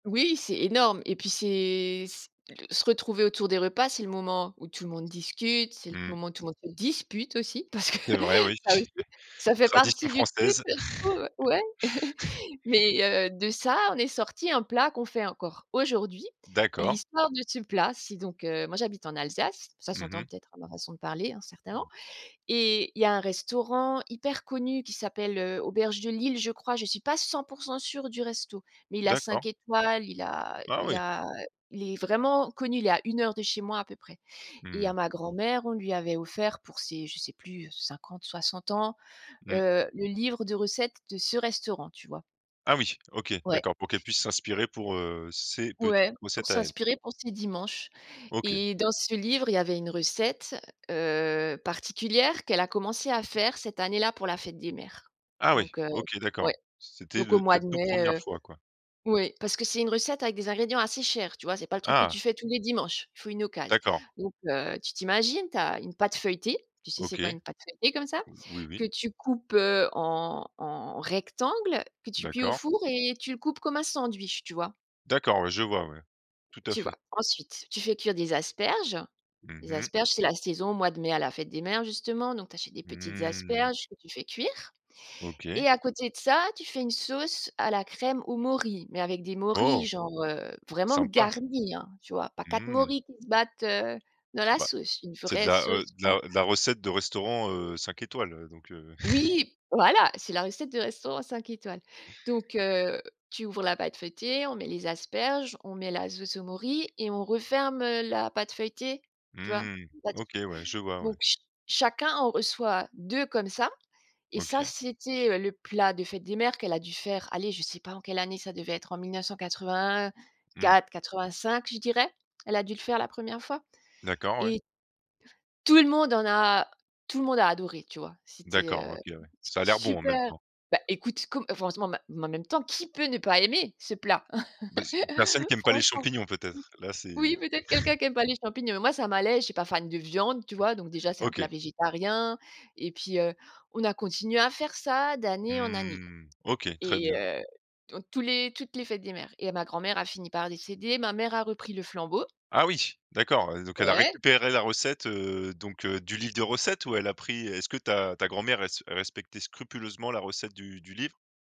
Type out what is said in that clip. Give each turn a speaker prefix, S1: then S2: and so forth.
S1: Oui, c'est énorme. Et puis, c'est s se retrouver autour des repas, c'est le moment où tout le monde discute, c'est le
S2: Mmh.
S1: moment où tout le monde se dispute aussi, parce que
S2: C'est vrai, oui,
S1: ça aussi, ça fait
S2: tradition
S1: partie du truc,
S2: française.
S1: je trouve, ouais. Mais, heu, de ça, en est sorti un plat qu'on fait encore aujourd'hui. Et
S2: D'accord.
S1: l'histoire de ce plat, si, donc, heu moi, j'habite en Alsace, ça
S2: Mmh
S1: s'entend
S2: mh.
S1: peut-être à ma façon de parler, hein, certainement. Et il y a un restaurant hyper connu qui s'appelle, heu, Auberge de Lille, je crois, je suis pas 100 % sûre du resto, mais il a
S2: D'accord.
S1: 5 étoiles, il a
S2: Ah
S1: il
S2: oui!
S1: a il est vraiment connu. Il est à 1 heure de chez moi, à peu près. Et
S2: Mmh.
S1: à ma grand-mère, on lui avait offert, pour ses je sais plus, heu, 50-60 ans,
S2: Mmh.
S1: heu, le livre de recettes de ce restaurant, tu vois?
S2: Ah oui, OK,
S1: Ouais.
S2: d'accord, pour qu'elle puisse s'inspirer pour, heu, ses petites
S1: Ouais, pour
S2: recettes à elle.
S1: s'inspirer pour ces dimanches.
S2: OK.
S1: Et dans ce livre, il y avait une recette, heu, particulière qu'elle a commencé à faire cette année-là pour la fête des mères.
S2: Ah oui,
S1: Donc, heu,
S2: OK,
S1: ouais,
S2: d'accord. C'était
S1: donc au
S2: de
S1: mois
S2: la
S1: de
S2: toute
S1: mai,
S2: 1re
S1: heu,
S2: fois, quoi.
S1: oui, parce que c'est une recette avec des ingrédients assez chers, tu vois? C'est pas le truc que
S2: Ah!
S1: tu fais tous les dimanches, il faut une occasion.
S2: D'accord.
S1: Donc, heu, tu t'imagines? Tu as une pâte feuilletée, tu sais, c'est quoi
S2: OK,
S1: une pâte feuilletée comme ça,
S2: oui, oui.
S1: que tu coupes, heu, en en rectangles, que tu cuis au
S2: D'accord.
S1: four, et tu le coupes comme un sandwich, tu vois?
S2: D'accord, ouais, je vois, ouais, tout à
S1: Tu vois?
S2: fait.
S1: Ensuite, tu fais cuire des asperges.
S2: Mmh
S1: Les
S2: mh.
S1: asperges, c'est la saison, au mois de mai, à la fête des mères, justement. Donc, tu achètes des petites
S2: Mmh.
S1: asperges que tu fais cuire. Et
S2: OK.
S1: à côté de ça, tu fais une sauce à la crème aux morilles, mais avec des
S2: Oh!
S1: morilles, genre, heu, vraiment
S2: Sympa.
S1: garnies, hein, tu vois, pas 4
S2: Mmh.
S1: morilles qui se battent, heu, dans la
S2: Bah.
S1: sauce, une
S2: C'est de
S1: vraie
S2: la, heu
S1: sauce
S2: de
S1: bien
S2: la, heu, de la recette de restaurant, heu, 5 étoiles, heu, donc, heu
S1: Oui! Voilà, c'est la recette de restaurant 5 étoiles. Donc, heu, tu ouvres la pâte feuilletée, on met les asperges, on met la sauce aux morilles et on referme, heu, la pâte feuilletée, tu vois,
S2: Mmh, OK,
S1: là-dessus.
S2: ouais, je vois ouais.
S1: Donc, ch chacun en reçoit 2 comme ça. Et ça,
S2: OK.
S1: c'était, heu, le plat de fête des mères qu'elle a dû faire. Allez, je sais pas en quelle année, ça devait être en mille neuf cent
S2: Mmh.
S1: quatre-vingt-quatre-quatre-vingt-cinq, je dirais. Elle a dû le faire la 1re fois
S2: D'accord, ouais.
S1: et tout le monde en a tout le monde a adoré, tu vois. C'était,
S2: D'accord,
S1: heu,
S2: OK, ouais, ça a l'air bon, en même
S1: super.
S2: temps.
S1: Bah, écoute, com franchement, bah, mais en même temps qui peut ne pas aimer ce plat?
S2: Ben, c'est personne qui aime pas les
S1: Franchement?
S2: champignons, peut-être? Là
S1: Oui,
S2: c'est.
S1: peut-être quelqu'un qui aime pas les champignons, mais moi, ça m'allait. Je suis pas fan de viande, tu vois, donc déjà, c'est un plat
S2: OK.
S1: végétarien. Et puis, heu, on a continué à faire ça d'année en année
S2: Mmh, OK, très
S1: et
S2: bien.
S1: heu, donc tous les toutes les fêtes des mères. Et ma grand-mère a fini par décéder, ma mère a repris le flambeau.
S2: Ah oui, d'accord, heu, donc elle a
S1: Ouais.
S2: récupéré la recette, heu, donc, heu, du livre des recettes, ou elle a pris est-ce que ta ta grand-mère res respectait scrupuleusement la recette du du livre?